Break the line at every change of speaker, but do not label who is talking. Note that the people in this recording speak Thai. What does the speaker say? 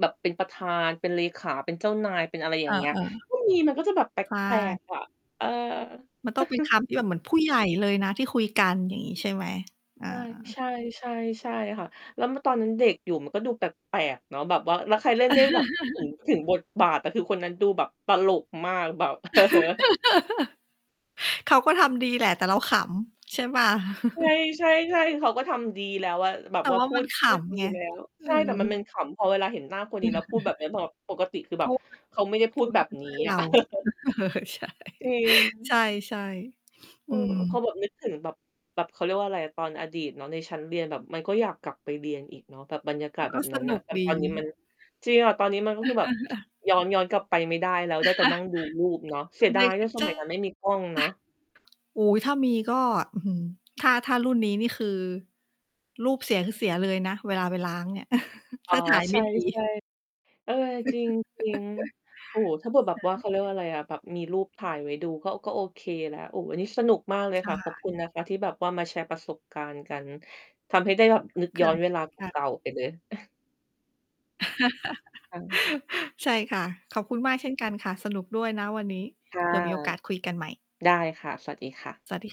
แบบเป็นประธาน เป็นเลขา เป็นเจ้านาย เป็นอะไรอ
เ
ย
อ
่างเงี้ย
อ
ก็มี มันก็จะแบบแป
ๆ ใช
ล
่
ก ๆ อะ เออ
มันต้องเป็นคำที่แบบเหมือนผู้ใหญ่เลยนะที่คุยกัน อย่างนี้ใช่ไหม? อ่
ใช่
า
ใช่ ใช่ ใช่ค่ะ แล้ว ม ตอนนั้นเด็กอยู่มันก็ดูแปลก ๆ เนาะ แบบว่า แล้วใครเล่นที่แบบ ถึง ถึงบทบาทแต่คือคนนั้นดูแบบตลกมาก แบบ
เขาก็ทำดีแหละแต่เราขำใช่เปล่า?
ใช่ ๆ ๆ เขาก็ทำดีแล้วอะ แบ
แ
บ
ต่
ว่า
ว่า
พู
มัน
ด
ข
พูดด
ำ
ี
ไง
แล้ว
เอ
ใช่แต่มันเป็น
อ
ขำ พอเวลาเห็นหน้าคนนี
อ
้แล้วพู
ื
ดแบ
อ
บนี้ บ ปกติคือ
เพ
แบ
ร
บ
าะว่า
เขาไม่ได้พ
เพ
ู
ร
ด
าะ
แ
เ
บ
ขา
บ
เป็นเ
น
พ
ี้
ื่อนเ
อ
ร
ะ
า ใช
จริง
่ ใช่ ๆ
เ
อ
อ
ื
อ พอ
ม
แบบนึกถึงแบบ แบบ เขาเรียกว่าอะไรอะ ตอนอดีตเนาะในชั้นเรียนแบบมันก็อยากกลับไปเรียนอีกเนาะ แบบบรรยากาศ
ก
แบ
็
บ
ส
นั้น
น
น่
ุ
ะ
ก
แต่
ด
ตอ
ี
นนี้มัน จริงอะ ตอนนี้มันก็คือแบบ ย้อน ย้อนกลับไปไม่ได้แล้วได้แต่นั่ง ดูรูปเนาะ เสีย
ไม
ดายว่า ส
ใช่
มัยนั้นไม่มีกล้องเนาะ
อูย ถ้ามีก็ อื้อฮือ ถ้า ถ้ารุ่นนี้นี่คือรูปเสียคือเสียเลยนะเวลาไปล้างเนี่ย
อ
ถ
๋
้
อ
าถ่าย
ใ
ไ
ช
ม่ดี
่ ๆ เออ จริง ๆ โอ้โฮ ถ้าเกิดแบ
ใ
บ
ช
ว่าขข เ
่
ขาเรียกว่าอะไรอะ แบบมีรูปถ่ายไว้ดูก็ ก็โอเคละ โอ้ วันนี้สนุกมากเลย
ใช
ค่ะ ขอบ
่
คุณนะคะที่แบบว่ามาแชร์ประสบการณ์กัน ทำให้ได้แบบนึก
ค
ย้
่
อ
ะ
นเวลา เ
ค่ะ
ก่า ๆ ไปเลย ค่ะ
ใช่ค่ะ ขอบคุณมากเช่นกันค่ะ สนุกด้วยนะวันนี้
ค่ะ
เผื่อมีโอกาสคุยกันใหม่
ได้ค่ะ สวัสดีค่ะ
สวัสดี